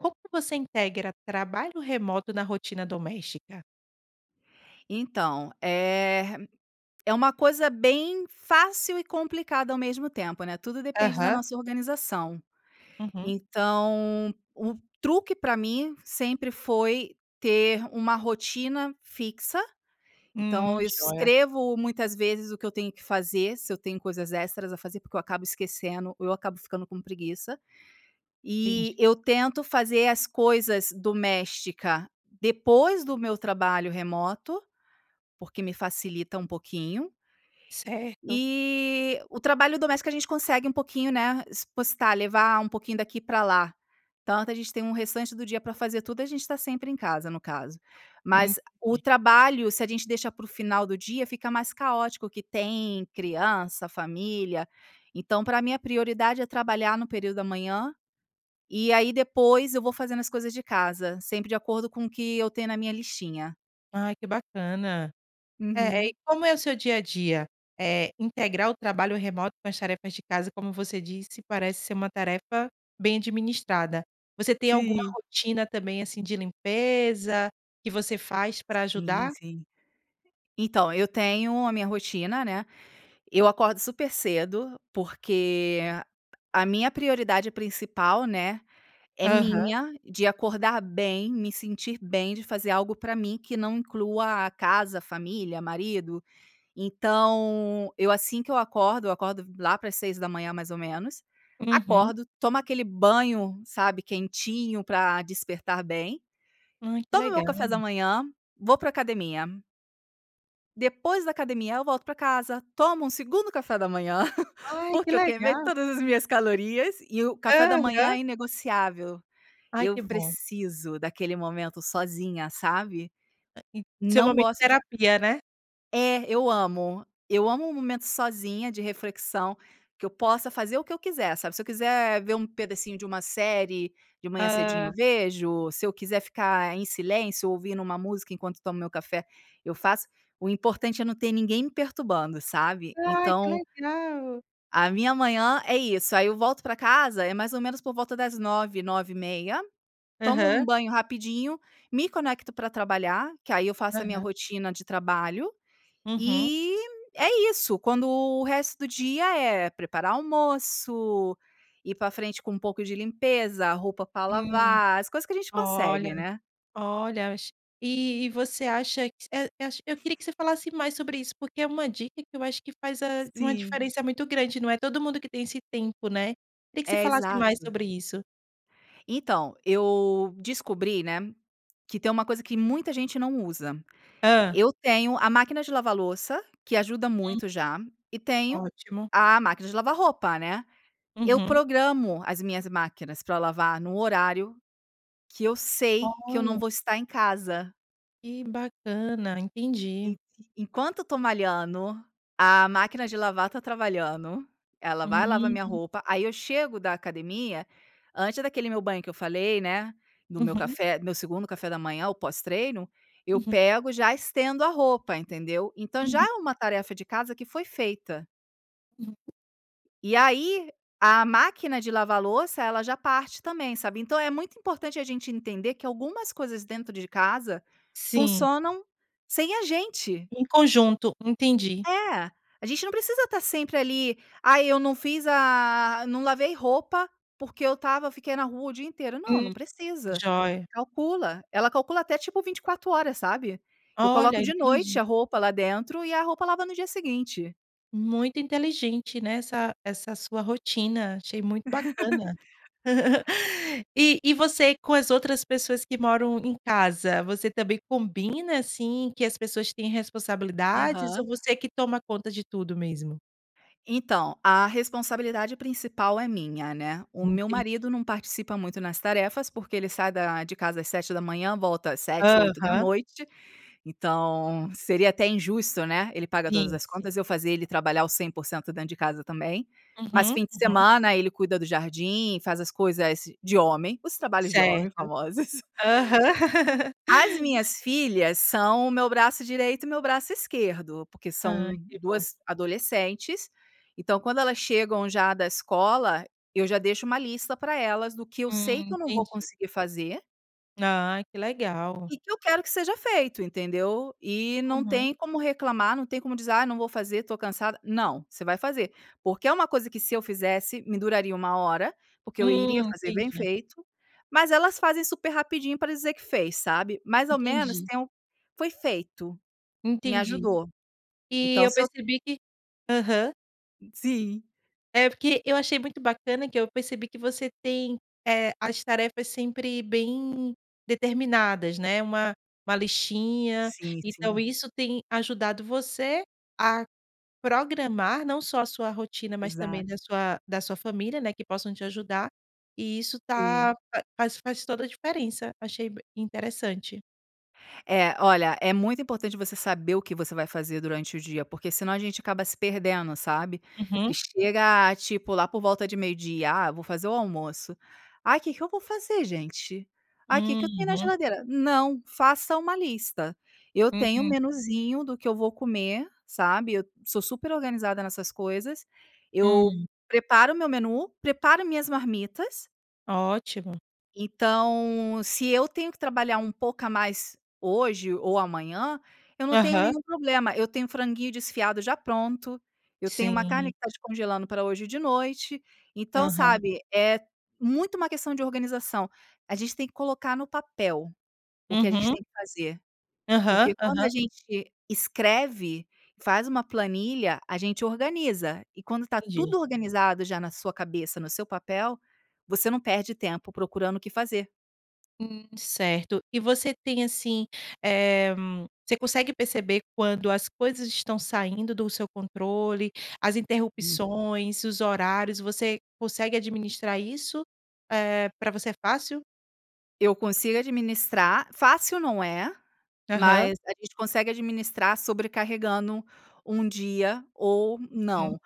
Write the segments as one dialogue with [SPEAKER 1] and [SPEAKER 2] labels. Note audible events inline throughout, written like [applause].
[SPEAKER 1] Como que você integra trabalho remoto na rotina doméstica?
[SPEAKER 2] Então, eh, é uma coisa bem fácil e complicada ao mesmo tempo, né, tudo depende da
[SPEAKER 1] Aham.
[SPEAKER 2] nossa organização.
[SPEAKER 1] Uhum.
[SPEAKER 2] Então, o truque pra mim sempre foi ter uma rotina fixa. Então
[SPEAKER 1] Hum,
[SPEAKER 2] eu
[SPEAKER 1] joia.
[SPEAKER 2] escrevo muitas vezes o que eu tenho que fazer, se eu tenho coisas extras a fazer, porque eu acabo esquecendo, ou eu acabo ficando com preguiça.
[SPEAKER 1] Entendi.
[SPEAKER 2] E eu tento fazer as coisas doméstica depois do meu trabalho remoto, porque me facilita um pouquinho.
[SPEAKER 1] Certo.
[SPEAKER 2] E, o trabalho doméstica, a gente consegue um pouquinho, né, espostar, levar um pouquinho daqui para lá. Tanto, a gente tem restante do dia para fazer tudo, e a gente tá sempre em casa, no caso.
[SPEAKER 1] Hum
[SPEAKER 2] Mas, o
[SPEAKER 1] [unintelligible]
[SPEAKER 2] trabalho, se a gente deixar para o final do dia, fica mais caótico, que tem criança, família. Então para mim a prioridade é trabalhar no período da manhã. E aí depois, eu vou fazendo as coisas de casa, sempre de acordo com o que eu tenho na minha listinha.
[SPEAKER 1] Ai, que bacana. Eh,
[SPEAKER 2] Uhum.
[SPEAKER 1] e como é o seu dia a dia? Eh, integrar o trabalho remoto com as tarefas de casa, como você disse, parece ser uma tarefa bem administrada. Você tem alguma
[SPEAKER 2] Sim.
[SPEAKER 1] rotina também, assim, de limpeza, que você faz para
[SPEAKER 2] Sim,
[SPEAKER 1] ajudar?
[SPEAKER 2] sim. Então, eu tenho a minha rotina, né. Eu acordo super cedo, porque a minha prioridade principal, né, é
[SPEAKER 1] Aham.
[SPEAKER 2] minha, de acordar bem, me sentir bem de fazer algo para mim, que não inclua a casa, família, marido. Então, eu assim que eu acordo eu acordo lá para as 6h, mais ou menos.
[SPEAKER 1] Uhum.
[SPEAKER 2] Acordo, tomo aquele banho, sabe, quentinho, para despertar bem.
[SPEAKER 1] Hã, que
[SPEAKER 2] Tomo o meu
[SPEAKER 1] legal.
[SPEAKER 2] café da manhã, vou para academia. Depois da academia, eu volto pra casa. Tomo um segundo café da manhã. [chuckles]
[SPEAKER 1] Ai, que
[SPEAKER 2] Porque eu queimei
[SPEAKER 1] legal!
[SPEAKER 2] todas as minhas calorias. E o café da manhã
[SPEAKER 1] Aham.
[SPEAKER 2] é inegociável.
[SPEAKER 1] Ai,
[SPEAKER 2] Eu
[SPEAKER 1] que bom.
[SPEAKER 2] preciso daquele momento sozinha, sabe?
[SPEAKER 1] En seu
[SPEAKER 2] Não
[SPEAKER 1] momento
[SPEAKER 2] gosto de
[SPEAKER 1] terapia, né.
[SPEAKER 2] É, eu amo, eu amo momento sozinha de reflexão, que eu possa fazer o que eu quiser, sabe? Se eu quiser ver um pedacinho de uma série de manhã cedinho, eu
[SPEAKER 1] Hã.
[SPEAKER 2] vejo. Se eu quiser ficar em silêncio ouvindo uma música enquanto tomo meu café, eu faço. O importante é não ter ninguém me perturbando, sabe?
[SPEAKER 1] Ai, que
[SPEAKER 2] Então
[SPEAKER 1] legal!
[SPEAKER 2] A minha manhã é isso. Aí eu volto pra casa, e mais ou menos por volta das 9h, 9:30 tomo um
[SPEAKER 1] Aham.
[SPEAKER 2] banho rapidinho, me conecto pra trabalhar, que aí eu faço a minha
[SPEAKER 1] Aham.
[SPEAKER 2] rotina de trabalho.
[SPEAKER 1] Uhum.
[SPEAKER 2] E, é isso. Quando o resto do dia é, preparar almoço, ir pra frente com pouco de limpeza, roupa pra
[SPEAKER 1] Hum.
[SPEAKER 2] lavar. As coisas que a gente
[SPEAKER 1] Olha,
[SPEAKER 2] consegue, né.
[SPEAKER 1] olha es e e você acha que eh eh Eu queria que você falasse mais sobre isso, porque é uma dica que eu acho que faz uma
[SPEAKER 2] Sim.
[SPEAKER 1] diferença muito grande. Não é todo mundo que tem esse tempo, né. Queria que você
[SPEAKER 2] É.
[SPEAKER 1] falasse mais
[SPEAKER 2] Exato.
[SPEAKER 1] sobre isso.
[SPEAKER 2] Então, eu descobri, né, que tem uma coisa que muita gente não usa.
[SPEAKER 1] Hã.
[SPEAKER 2] Eu tenho a máquina de lavar louça, que ajuda
[SPEAKER 1] Hum.
[SPEAKER 2] muito já, e tenho
[SPEAKER 1] Ótimo.
[SPEAKER 2] a máquina de lavar roupa, né. Eu
[SPEAKER 1] Uhum.
[SPEAKER 2] programo as minhas máquinas pra lavar num horário que eu sei que eu não
[SPEAKER 1] Olha.
[SPEAKER 2] vou estar em casa.
[SPEAKER 1] Que bacana!
[SPEAKER 2] E
[SPEAKER 1] Entendi.
[SPEAKER 2] e enquanto eu tô malhando, a máquina de lavar tá trabalhando, ela vai lavar a minha
[SPEAKER 1] Hum.
[SPEAKER 2] roupa, aí eu chego da academia, antes daquele meu banho que eu falei, né. No meu
[SPEAKER 1] Uhum.
[SPEAKER 2] café no meu segundo café da manhã, o pós treino. Eu
[SPEAKER 1] Uhum.
[SPEAKER 2] pego já estendo a roupa, entendeu? Então já
[SPEAKER 1] Uhum.
[SPEAKER 2] é uma tarefa de casa que foi feita.
[SPEAKER 1] Uhum.
[SPEAKER 2] E aí, a máquina de lavar a louça, ela já parte também, sabe? Então é muito importante a gente entender que algumas coisas dentro de casa,
[SPEAKER 1] Sim.
[SPEAKER 2] funcionam sem a gente.
[SPEAKER 1] Em conjunto. Entendi.
[SPEAKER 2] É, a gente não precisa estar sempre ali, ai eu não fiz a a não lavei roupa, porque eu estava fiquei na rua o dia inteiro. Não,
[SPEAKER 1] Hum.
[SPEAKER 2] não precisa.
[SPEAKER 1] Jóia.
[SPEAKER 2] Calcula, ela calcula até tipo 24 horas, sabe? Eu
[SPEAKER 1] Olha,
[SPEAKER 2] coloco de noite
[SPEAKER 1] entendi.
[SPEAKER 2] a roupa lá dentro e a roupa lava no dia seguinte.
[SPEAKER 1] Muito inteligente, né, essa essa sua rotina, achei muito bacana.
[SPEAKER 2] [laughs]
[SPEAKER 1] [laughs] E e você com as outras pessoas que moram em casa? Você também combina assim que as pessoas têm responsabilidades ou
[SPEAKER 2] Aham.
[SPEAKER 1] você que toma conta de tudo mesmo?
[SPEAKER 2] Então, a responsabilidade principal é minha, né. O
[SPEAKER 1] Hum.
[SPEAKER 2] meu marido
[SPEAKER 1] Entendi.
[SPEAKER 2] não participa muito nas tarefas porque ele sai da de casa às 7h volta às sete, oito da
[SPEAKER 1] Aham.
[SPEAKER 2] noite, então seria até injusto, né. Ele paga todas
[SPEAKER 1] Sim,
[SPEAKER 2] as
[SPEAKER 1] sim.
[SPEAKER 2] contas, e eu fazer ele trabalhar o 100% dentro de casa também. Mas
[SPEAKER 1] Uhum,
[SPEAKER 2] fim de
[SPEAKER 1] uhum.
[SPEAKER 2] semana, ele cuida do jardim, faz as coisas, "de homem", os trabalhos de homem,
[SPEAKER 1] Certo.
[SPEAKER 2] famosos. [laughs]
[SPEAKER 1] Aham. [laughs]
[SPEAKER 2] As minhas filhas, são o meu braço direito e o meu braço esquerdo. Por que são
[SPEAKER 1] Ai que bom.
[SPEAKER 2] duas adolescentes, então quando elas chegam já da escola, eu já deixo uma lista pra elas do que eu sei
[SPEAKER 1] Hum,
[SPEAKER 2] que eu não vou
[SPEAKER 1] entendi.
[SPEAKER 2] conseguir fazer
[SPEAKER 1] N ai que legal.
[SPEAKER 2] e que eu quero que seja feito, entendeu? E não
[SPEAKER 1] Uhum.
[SPEAKER 2] tem como reclamar, não tem como dizer: "Ah, não vou fazer tô cansada.". "Não! Você vai fazer!", porque é uma coisa que se eu fizesse me duraria 1h, porque eu iria
[SPEAKER 1] Hum,
[SPEAKER 2] fazer bem
[SPEAKER 1] entendi.
[SPEAKER 2] feito, mas elas fazem super rapidinho pra dizer que fez, sabe? Mais ao menos
[SPEAKER 1] Entendi.
[SPEAKER 2] então foi feito. Me
[SPEAKER 1] Entendi.
[SPEAKER 2] ajudou.
[SPEAKER 1] E,
[SPEAKER 2] Então
[SPEAKER 1] eu
[SPEAKER 2] se eu
[SPEAKER 1] percebi que aham.
[SPEAKER 2] Ih, sim.
[SPEAKER 1] É porque eu achei muito bacana que eu percebi que você tem, eh, as tarefas sempre bem determinadas, né? Uma uma listinha.
[SPEAKER 2] Sim,
[SPEAKER 1] Então
[SPEAKER 2] sim.
[SPEAKER 1] isso tem ajudado você a programar não só a sua rotina, mas
[SPEAKER 2] Exato.
[SPEAKER 1] também da sua da sua família, né, que possam te ajudar e isso tá
[SPEAKER 2] Sim.
[SPEAKER 1] fa faz faz toda a diferença. Achei b interessante.
[SPEAKER 2] É, olha, é muito importante você saber o que você vai fazer durante o dia, porque senão a gente acaba se perdendo, sabe? Que
[SPEAKER 1] Uhum.
[SPEAKER 2] chega tipo lá por volta de meio-dia, "Ah eu vou fazer o almoço". "Ai, que que eu vou fazer gente?". "Ai, que que eu tenho na
[SPEAKER 1] Uhum.
[SPEAKER 2] geladeira?". Não, faça uma lista. Eu tenho um
[SPEAKER 1] Hum.
[SPEAKER 2] menuzinho do que eu vou comer, sabe, sou super organizada nessas coisas. Eu
[SPEAKER 1] Hum.
[SPEAKER 2] preparo o meu menu, preparo a minhas marmitas.
[SPEAKER 1] Ótimo.
[SPEAKER 2] Então, se eu tenho que trabalhar um pouco a mais hoje ou amanhã, eu não tenho
[SPEAKER 1] Aham.
[SPEAKER 2] nenhum problema; eu tenho o franguinho desfiado já pronto, eu tenho uma carne
[SPEAKER 1] Sim.
[SPEAKER 2] que está descongelando para hoje e de noite; então,
[SPEAKER 1] Aham.
[SPEAKER 2] sabe, é muito uma questão de organização a gente tem que colocar no papel o que a gente
[SPEAKER 1] Uhum.
[SPEAKER 2] tem que fazer. Porque
[SPEAKER 1] Aham,
[SPEAKER 2] quando a
[SPEAKER 1] aham.
[SPEAKER 2] gente escreve, faz uma planilha, a gente organiza; e quando tá
[SPEAKER 1] Entendi.
[SPEAKER 2] tudo organizado, já na sua cabeça no seu papel, você não perde tempo procurando o que fazer.
[SPEAKER 1] Hum, certo. E você tem, assim, eh, você consegue perceber quando as coisas estão saindo do seu controle? As
[SPEAKER 2] Hum.
[SPEAKER 1] interrupções, os horários, você consegue administrar isso? Eh, pra você é fácil?
[SPEAKER 2] Eu consigo administrar, fácil, não é.
[SPEAKER 1] Aham.
[SPEAKER 2] Mas a gente consegue administrar sobrecarregando um dia ou
[SPEAKER 1] Uhum,
[SPEAKER 2] não,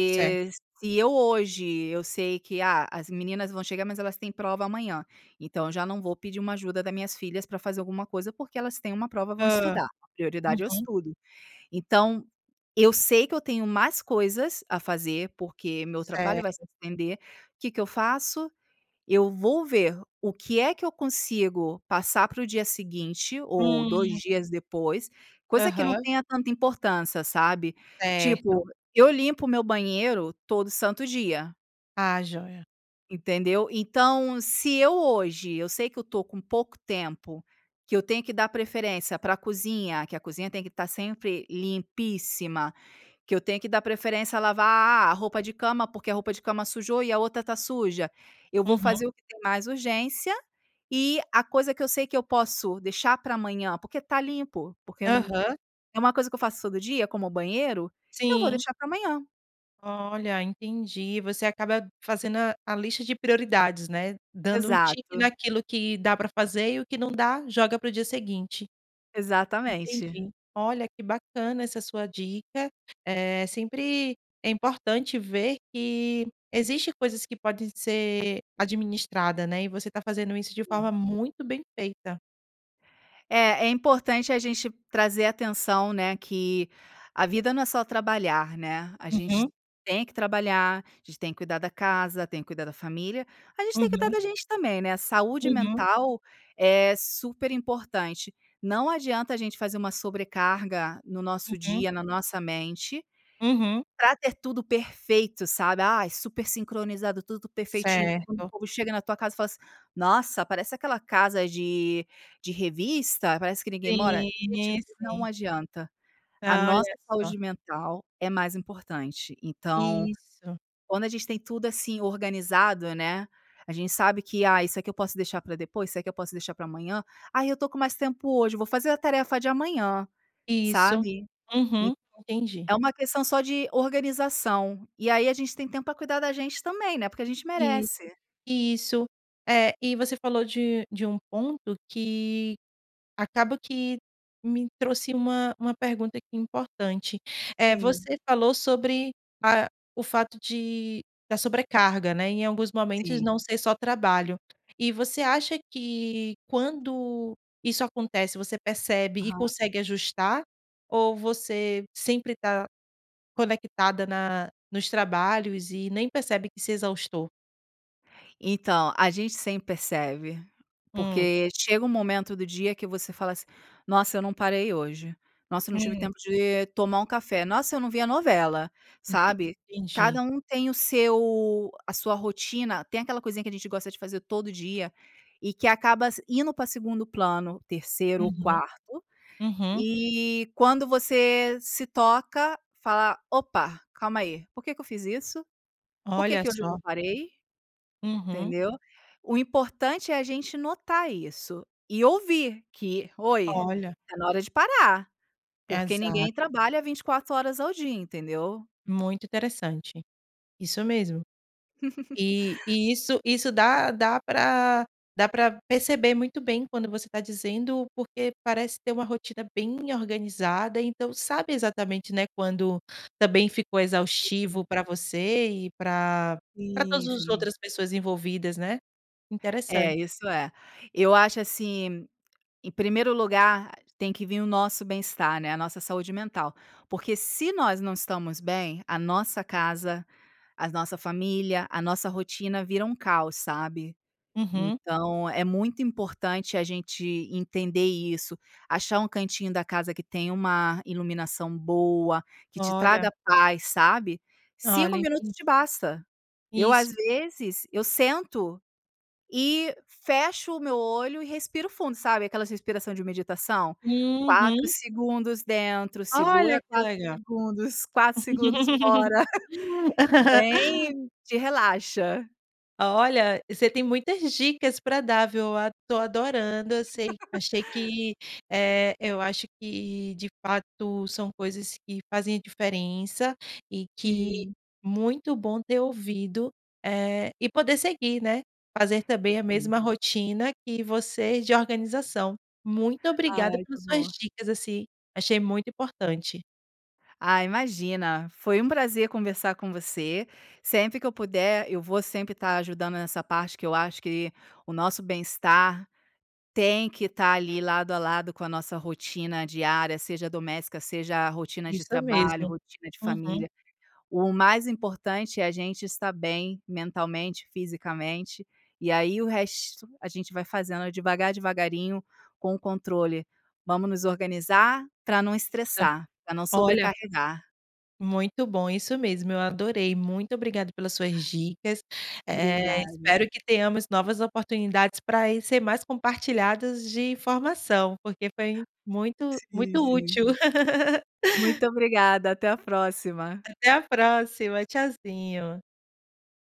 [SPEAKER 1] certo.
[SPEAKER 2] eu hoje sei que, ah, as meninas vão chegar, mas elas têm prova amanhã, então eu já não vou pedir ajuda das minhas filhas pra fazer alguma coisa, porque elas têm uma prova, vão
[SPEAKER 1] Hã.
[SPEAKER 2] estudar, prioridade é o
[SPEAKER 1] Uhum.
[SPEAKER 2] estudo. Então eu sei que eu tenho mais coisas a fazer, porque meu trabalho vai se
[SPEAKER 1] Certo.
[SPEAKER 2] estender. O que que eu faço? Eu vou ver o que é que eu consigo passar pro dia seguinte ou 2
[SPEAKER 1] Hum.
[SPEAKER 2] dias depois, coisa que não
[SPEAKER 1] Aham.
[SPEAKER 2] tenha tanta importância, sabe?
[SPEAKER 1] Certo.
[SPEAKER 2] Tipo, eu limpo o meu banheiro todo santo dia.
[SPEAKER 1] Ah, jóia.
[SPEAKER 2] Entendeu? Então, se hoje eu sei que eu estou com pouco tempo, que eu tenho que dar preferência pra cozinha, que a cozinha tem que estar sempre limpíssima, que eu tenho que dar preferência a lavar a roupa de cama, porque a roupa de cama sujou e a outra tá suja, eu vou
[SPEAKER 1] Uhum.
[SPEAKER 2] fazer o que tem mais urgência. E a coisa que eu sei que eu posso deixar pra amanhã, porque tá limpo, porque
[SPEAKER 1] Aham.
[SPEAKER 2] é uma coisa que eu faço todo dia, como o banheiro, eu vou
[SPEAKER 1] Sim.
[SPEAKER 2] deixar pra amanhã.
[SPEAKER 1] Olha, entendi. Você acaba fazendo a a lista de prioridades, né? Dando um tique
[SPEAKER 2] Exato.
[SPEAKER 1] naquilo que dá pra fazer e o que não dá joga pro dia seguinte.
[SPEAKER 2] Exatamente.
[SPEAKER 1] Entendi, olha que bacana essa sua dica. Eh, sempre é importante ver que existem coisas que podem ser administradas, né. E você tá fazendo isso de
[SPEAKER 2] Sim.
[SPEAKER 1] forma muito bem feita.
[SPEAKER 2] É importante a gente trazer atenção, né, que a vida não é só trabalhar, né? A gente
[SPEAKER 1] Uhum.
[SPEAKER 2] tem que trabalhar, a gente tem que cuidar da casa, tem que cuidar da família, a gente tem que cuidar
[SPEAKER 1] Uhum.
[SPEAKER 2] da gente também, né. A saúde
[SPEAKER 1] Uhum.
[SPEAKER 2] mental é super importante. Não adianta a gente fazer uma sobrecarga no nosso
[SPEAKER 1] Uhum.
[SPEAKER 2] dia, na nossa mente,
[SPEAKER 1] Uhum.
[SPEAKER 2] pra ter tudo perfeito, sabe. Ai, super sincronizado, tudo perfeitinho.
[SPEAKER 1] Certo.
[SPEAKER 2] Quando chega na tua casa e fala assim: “Nossa, parece aquela casa de revista. Parece que ninguém mora.”.
[SPEAKER 1] Sim,
[SPEAKER 2] Gente, não
[SPEAKER 1] sim.
[SPEAKER 2] adianta, a
[SPEAKER 1] Ah,
[SPEAKER 2] nossa
[SPEAKER 1] olha só.
[SPEAKER 2] saúde mental é mais importante. Então,
[SPEAKER 1] Isso.
[SPEAKER 2] quando a gente tem tudo assim organizado, né, a gente sabe que “Ah, isso aqui eu posso deixar pra depois, isso aqui eu posso deixar pra amanhã.”. “Ah, eu estou com mais tempo hoje, eu vou fazer a tarefa de amanhã.”,
[SPEAKER 1] Isso,
[SPEAKER 2] sabe? Então
[SPEAKER 1] uhum, entendi.
[SPEAKER 2] é uma questão só de organização. E aí a gente tem tempo pra cuidar da gente também, né. Porque a gente
[SPEAKER 1] Isso,
[SPEAKER 2] merece.
[SPEAKER 1] isso. É, e você falou de de um ponto que acabou que me trouxe uma uma pergunta aqui importante. Eh,
[SPEAKER 2] Sim.
[SPEAKER 1] você falou sobre a o fato de da sobrecarga, né, em alguns momentos,
[SPEAKER 2] Sim.
[SPEAKER 1] não ser só trabalho. E você acha que, quando isso acontece, você percebe e
[SPEAKER 2] Aham.
[SPEAKER 1] consegue ajustar ou você sempre tá conectada na nos trabalhos e nem percebe que se exaustou?
[SPEAKER 2] Então, a gente sempre percebe.
[SPEAKER 1] Hum.
[SPEAKER 2] Porque chega um momento do dia que você fala assim: "Nossa, eu não parei hoje. Nossa, eu não tive
[SPEAKER 1] Hum.
[SPEAKER 2] tempo de tomar um café. Nossa, eu não vi a novela."
[SPEAKER 1] Ente
[SPEAKER 2] Sabe.
[SPEAKER 1] entendi.
[SPEAKER 2] Cada um tem o seu a sua rotina tem aquela coisinha que a gente gosta de fazer todo dia, e que acaba s indo pra 2ª plano, 3º ou
[SPEAKER 1] Uhum.
[SPEAKER 2] 4º,
[SPEAKER 1] Uhum.
[SPEAKER 2] e quando você se toca, fala: "Opa, calma aí. Por que que eu fiz isso? Por que
[SPEAKER 1] Olha
[SPEAKER 2] que hoje eu
[SPEAKER 1] só.
[SPEAKER 2] não parei?"
[SPEAKER 1] Uhum.
[SPEAKER 2] Entendeu? O importante é a gente notar isso e ouvir que: "Oi,
[SPEAKER 1] Olha.
[SPEAKER 2] tá hora de parar!" Porque ninguém
[SPEAKER 1] Exato.
[SPEAKER 2] trabalha 24 horas ao dia, entendeu.
[SPEAKER 1] Muito interessante. Isso mesmo. E
[SPEAKER 2] [laughs]
[SPEAKER 1] e isso isso dá dá pra dá pra perceber muito bem quando você tá dizendo, porque parece ter uma rotina bem organizada, então, sabe exatamente, né, quando também ficou
[SPEAKER 2] S. uhum.
[SPEAKER 1] exaustivo pra você e pra pra todas
[SPEAKER 2] Sim,
[SPEAKER 1] os
[SPEAKER 2] sim.
[SPEAKER 1] outras pessoas envolvidas, né. Interessante.
[SPEAKER 2] É, isso é. Eu acho assim. Em primeiro lugar, tem que vim o nosso bem-estar, né, a nossa saúde mental. Porque se nós não estamos bem, a nossa casa, a nossa família, a nossa rotina vira um caos, sabe.
[SPEAKER 1] Uhum.
[SPEAKER 2] Então é muito importante a gente entender isso. Achar um cantinho da casa que tem uma iluminação boa, que te
[SPEAKER 1] Olha.
[SPEAKER 2] traga paz, sabe, 5
[SPEAKER 1] Olha.
[SPEAKER 2] minutos
[SPEAKER 1] Entend
[SPEAKER 2] te basta. Eu,
[SPEAKER 1] Isso.
[SPEAKER 2] às vezes eu sento e fecho o meu olho e respiro fundo, sabe, aquelas respiração de meditação? 4
[SPEAKER 1] Uhum.
[SPEAKER 2] segundos dentro. Segura
[SPEAKER 1] Olha, que
[SPEAKER 2] 4
[SPEAKER 1] legal.
[SPEAKER 2] segundos, 4 segundos fora. [laughs]
[SPEAKER 1] [laughs]
[SPEAKER 2] Bem te relaxa.
[SPEAKER 1] Olha, você tem muitas dicas pra dar, viu? Ad tô adorando. Eu sei
[SPEAKER 2] [laughs]
[SPEAKER 1] achei que eh, eu acho que de fato são coisas que fazem a diferença e que,
[SPEAKER 2] Sim.
[SPEAKER 1] muito bom ter ouvido, eh, e poder seguir, né. Fazer também a
[SPEAKER 2] [unintelligible]
[SPEAKER 1] mesma rotina que vocês de organização. Muito obrigada
[SPEAKER 2] Ai, tá
[SPEAKER 1] pelas suas
[SPEAKER 2] bom.
[SPEAKER 1] dicas, assim. Achei muito importante.
[SPEAKER 2] Ah, imagina, foi um prazer conversar com você. Sempre que eu puder, eu vou sempre tá ajudando nessa parte que eu acho que o nosso bem-estar tem que tá ali lado a lado com a nossa rotina diária, seja doméstica, seja rotina de
[SPEAKER 1] Isso
[SPEAKER 2] trabalho,
[SPEAKER 1] mesmo.
[SPEAKER 2] rotina de
[SPEAKER 1] Uhum.
[SPEAKER 2] família. O mais importante é a gente estar bem mentalmente, fisicamente. E aí, o resto a gente vai fazendo devagar, devagarinho, com um controle, vamos nos organizar pra não
[SPEAKER 1] Isso,
[SPEAKER 2] estressar, pra não
[SPEAKER 1] olha
[SPEAKER 2] sobrecarregar.
[SPEAKER 1] Muito bom, isso mesmo. Eu adorei, muito obrigada pelas suas dicas, eh,
[SPEAKER 2] Obrigada.
[SPEAKER 1] espero que tenhamos novas oportunidades pra ir ser mais compartilhadas de informação, porque foi muito muito
[SPEAKER 2] Sim, sim.
[SPEAKER 1] útil. [laughs]
[SPEAKER 2] Muito obrigada. Até a próxima.
[SPEAKER 1] Até a próxima. Tchauzinho.